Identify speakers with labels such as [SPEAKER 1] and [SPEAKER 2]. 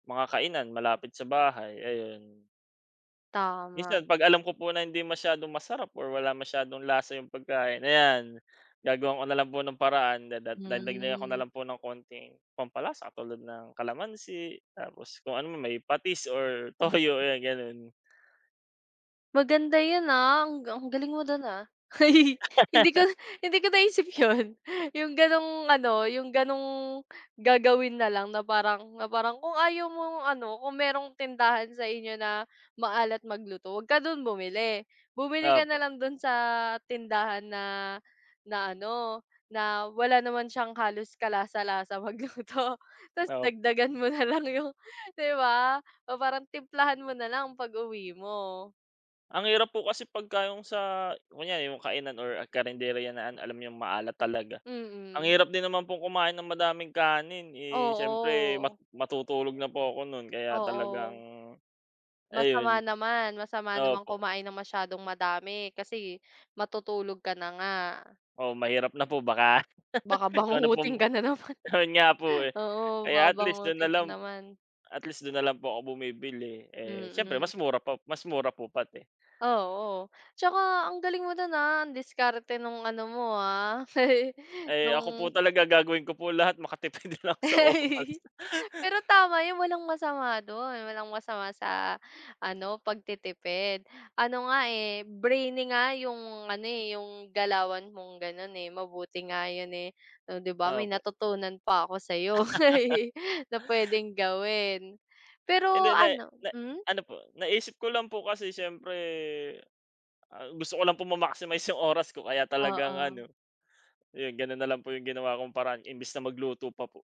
[SPEAKER 1] Mga kainan, malapit sa bahay ayun.
[SPEAKER 2] Tama.
[SPEAKER 1] Minsan 'pag alam ko po na hindi masyadong masarap or wala masyadong lasa 'yong pagkain, ayan, gagawan ko na lang po ng paraan. Dadag dadagdagan ko na
[SPEAKER 2] Hmm.
[SPEAKER 1] lang po ng konting pampalasa, katulad ng kalamansi tapos kung ano may patis or
[SPEAKER 2] Mm.
[SPEAKER 1] toyo, ayan gano'n.
[SPEAKER 2] Maganda yun, ah, ang ang galing mo dun, ah, hindi ko, hindi ko naisip yun, yung ganong ano yung ganong gagawin na lang na parang na parang kung ayaw mong ano, kung merong tindahan sa inyo na maalat magluto, wag ka dun bumili. Bumili ka na
[SPEAKER 1] Opo.
[SPEAKER 2] lang dun sa tindahan na, na ano, na wala naman siyang halos kalasa-lasa magluto, tas
[SPEAKER 1] Op
[SPEAKER 2] dagdagan mo nalang yung di ba? Parang timplahan mo na lang pag uwi mo.
[SPEAKER 1] Ang hirap po kasi pag ka yong sa, kunyari yung kainan or karenderya na, an alam yung maalat talaga. Ang
[SPEAKER 2] Mm.
[SPEAKER 1] hirap din naman pong kumain ng madaming kanin, eh, siyempre mat
[SPEAKER 2] Oo.
[SPEAKER 1] matutulog na po ako nun kaya talagang,
[SPEAKER 2] Oo. Masama
[SPEAKER 1] ayun.
[SPEAKER 2] naman masama naman
[SPEAKER 1] Opo.
[SPEAKER 2] kumain ng masyadong madami, kasi matutulog ka na nga.
[SPEAKER 1] Oo, mahirap na po baka
[SPEAKER 2] Baka
[SPEAKER 1] ikaw na
[SPEAKER 2] bangungutin
[SPEAKER 1] pong
[SPEAKER 2] ka na naman,
[SPEAKER 1] ayon nga po, eh.
[SPEAKER 2] oo baka
[SPEAKER 1] Kaya, at least dun na
[SPEAKER 2] bangungutin ka
[SPEAKER 1] lang
[SPEAKER 2] naman.
[SPEAKER 1] at least dun na lang po ako bumibili, eh, siyempre
[SPEAKER 2] Mm.
[SPEAKER 1] mas mura pa, mas mura po pati.
[SPEAKER 2] Ah, oo, tsaka ang galing mo dun, ah, ang diskarte nung ano mo, ah,
[SPEAKER 1] Eh, ako po
[SPEAKER 2] nung
[SPEAKER 1] talaga gagawin ko po lahat makatipid lang ako sa oras.
[SPEAKER 2] Pero tama 'yon, walang masama dun. Walang masama sa ano, pagtitipid ano nga, eh, brainy nga yung ano, eh, yung galawan mong ganon, eh. Mabuti nga yun, eh, di ba may
[SPEAKER 1] Opo.
[SPEAKER 2] natutunan pa ako sa'yo, na pwedeng gawin. Pero
[SPEAKER 1] Hindi, na, eh
[SPEAKER 2] ano
[SPEAKER 1] na
[SPEAKER 2] hmm?
[SPEAKER 1] ano po, naisip ko lang po kasi siyempre ah, gusto ko lang po ma-maximize yung oras ko, kaya talagang
[SPEAKER 2] Oo.
[SPEAKER 1] ano, yun, ganon na lang po yung ginawa kong paraan, imbes na magluto pa po.